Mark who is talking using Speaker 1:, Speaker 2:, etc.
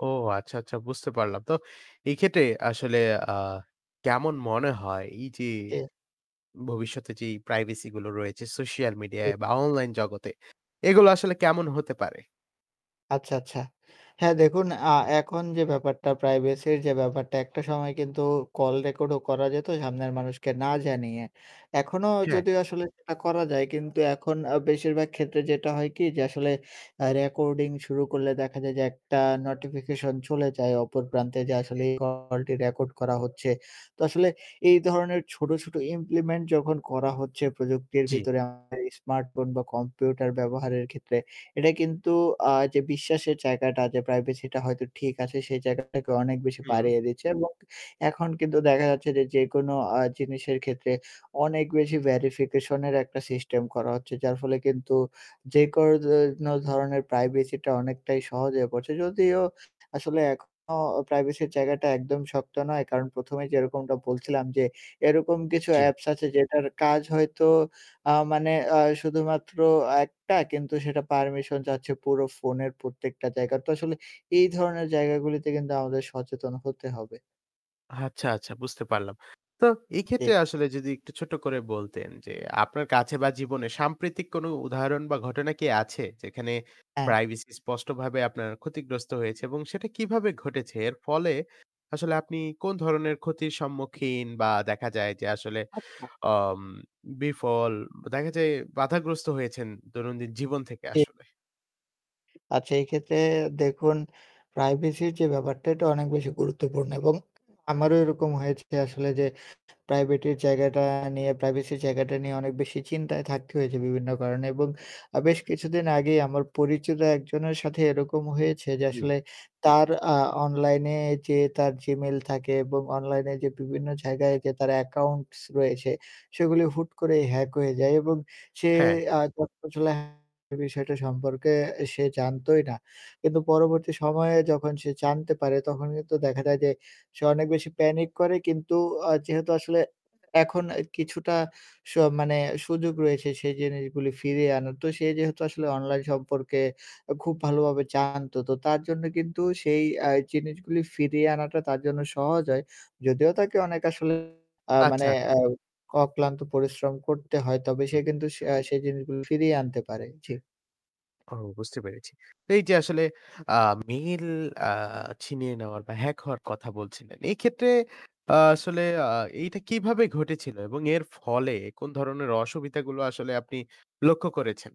Speaker 1: ও আচ্ছা, আচ্ছা বুঝতে পারলাম তো। এই ক্ষেত্রে আসলে আ কেমন মনে হয় এই যে
Speaker 2: জি।
Speaker 1: ভবিষ্যতে যেই প্রাইভেসি গুলো রয়েছে সোশ্যাল
Speaker 2: হু।
Speaker 1: মিডিয়ায় বা অনলাইন জগতে এগুলো আসলে কেমন হতে পারে?
Speaker 2: আচ্ছা, আচ্ছা। হ্যাঁ দেখুন, আ এখন যে ব্যাপারটা প্রাইভেসির যে ব্যাপারটা একটা সময় কিন্তু কল রেকর্ডও করা যেত সামনের মানুষকে না জানিয়ে। এখনো
Speaker 1: হ্যাঁ।
Speaker 2: যদিও আসলে সেটা করা যায় কিন্তু এখন আ বেশিরভাগ ক্ষেত্রে যেটা হয় কি যে আসলে আ রেকর্ডিং শুরু করলে দেখা যায় যে একটা নোটিফিকেশন চলে যায় অপর প্রান্তে যে আসলে এই কলটি রেকর্ড করা হচ্ছে। তো আসলে এই ধরনের ছোট, ছোট ইমপ্লিমেন্ট যখন করা হচ্ছে প্রযুক্তির
Speaker 1: জি।
Speaker 2: ভিতরে [unintelligible] স্মার্টফোন বা কম্পিউটার ব্যবহারের ক্ষেত্রে এটা কিন্তু আ যে বিশ্বাসের জায়গাটা যে প্রাইভেসিটা হয়তো ঠিক আছে সেই জায়গাটাকে অনেক বেশি
Speaker 1: হু।
Speaker 2: বাড়িয়ে দিচ্ছে এবং এখন কিন্তু দেখা যাচ্ছে যে, যে কোনো আ জিনিসের ক্ষেত্রে অনেক বেশি ভেরিফিকেশনের একটা সিস্টেম করা হচ্ছে। যার ফলে কিন্তু যে কোনো যেনো ধরনের প্রাইভেসিটা অনেকটাই সহজে হয়ে পড়ছে যদিও আসলে এখনো প্রাইভেসির জায়গাটা একদম শক্ত নয়, কারণ ১ম এ যেরকমটা বলছিলাম যে এরকম কিছু
Speaker 1: জি।
Speaker 2: অ্যাপস আছে যেটার কাজ হয়তো আ মানে আ শুধুমাত্র ১ টা কিন্তু সেটা পারমিশন যাচ্ছে পুরো ফোনের প্রত্যেকটা জায়গায় তো আসলে এই ধরনের জায়গাগুলিতে কিন্তু আমাদের সচেতন হতে হবে।
Speaker 1: আচ্ছা, আচ্ছা বুঝতে পারলাম। তো এক্ষেত্রে
Speaker 2: ঠিক।
Speaker 1: আসলে যদি একটু ছোট করে বলতেন যে আপনার কাছে বা জীবনে সাম্প্রতিক কোন উদাহরণ বা ঘটনা কি আছে? যেখানে
Speaker 2: হ্যাঁ।
Speaker 1: প্রাইভেসি স্পষ্টভাবে আপনার ক্ষতিগ্রস্ত হয়েছে এবং সেটা কিভাবে ঘটেছে এর ফলে আসলে আপনি কোন ধরনের ক্ষতির সম্মুখীন বা দেখা যায় যে আসলে
Speaker 2: আচ্ছা।
Speaker 1: অম বিফল দেখা যায় বাধাগ্রস্ত হয়েছেন দৈনন্দিন জীবন থেকে
Speaker 2: জি।
Speaker 1: আসলে।
Speaker 2: আচ্ছা এই ক্ষেত্রে দেখুন, প্রাইভেসির যে ব্যাপারটা এটা অনেক বেশি গুরুত্বপূর্ণ এবং আমারও এরকম হয়েছে আসলে যে প্রাইভেটের জায়গাটা নিয়ে প্রাইভেসির জায়গাটা নিয়ে অনেক বেশি চিন্তায় থাকতে হয়েছে বিভিন্ন কারণে এবং আ বেশ কিছুদিন আগেই আমার পরিচিত একজনের সাথে এরকম হয়েছে যে
Speaker 1: জি।
Speaker 2: আসলে তার আ অনলাইনে যে তার Gmail থাকে এবং অনলাইনে যে বিভিন্ন জায়গায় যে তার অ্যাকাউন্টস রয়েছে সেগুলি হুট করে হ্যাক হয়ে যায় এবং সে
Speaker 1: হ্যাঁ।
Speaker 2: আ [unintelligible] বিষয়টা সম্পর্কে সে জানতোই না। কিন্তু পরবর্তী সময়ে যখন সে জানতে পারে তখন কিন্তু দেখা যায় যে সে অনেক বেশি প্যানিক করে কিন্তু অ যেহেতু আসলে এখন অ্যা কিছুটা স মানে সুযোগ রয়েছে সেই জিনিসগুলি ফিরিয়ে আনার। তো সে যেহেতু আসলে অনলাইন সম্পর্কে খুব ভালো ভাবে জানত। তো তার জন্য কিন্তু সেই অ্যা জিনিসগুলো ফিরিয়ে আনাটা তার জন্য সহজ হয়। যদিও তাকে অনেক আসলে আ
Speaker 1: আচ্ছা,
Speaker 2: মানে
Speaker 1: আছ
Speaker 2: অক্লান্ত পরিশ্রম করতে হয় তবে সে
Speaker 1: হুম।
Speaker 2: কিন্তু সে জিনিসগুলো ফিরিয়ে আনতে পারে। জি।
Speaker 1: ও বুঝতে পেরেছি। তো এই যে আসলে আ মেইল আ ছিনিয়ে নেওয়ার বা হ্যাক হওয়ার কথা বলছিলেন। এই ক্ষেত্রে আ আসলে আ এইটা কিভাবে ঘটেছিল এবং এর ফলে কোন ধরনের অসুবিধা গুলো আসলে আপনি লক্ষ্য করেছেন?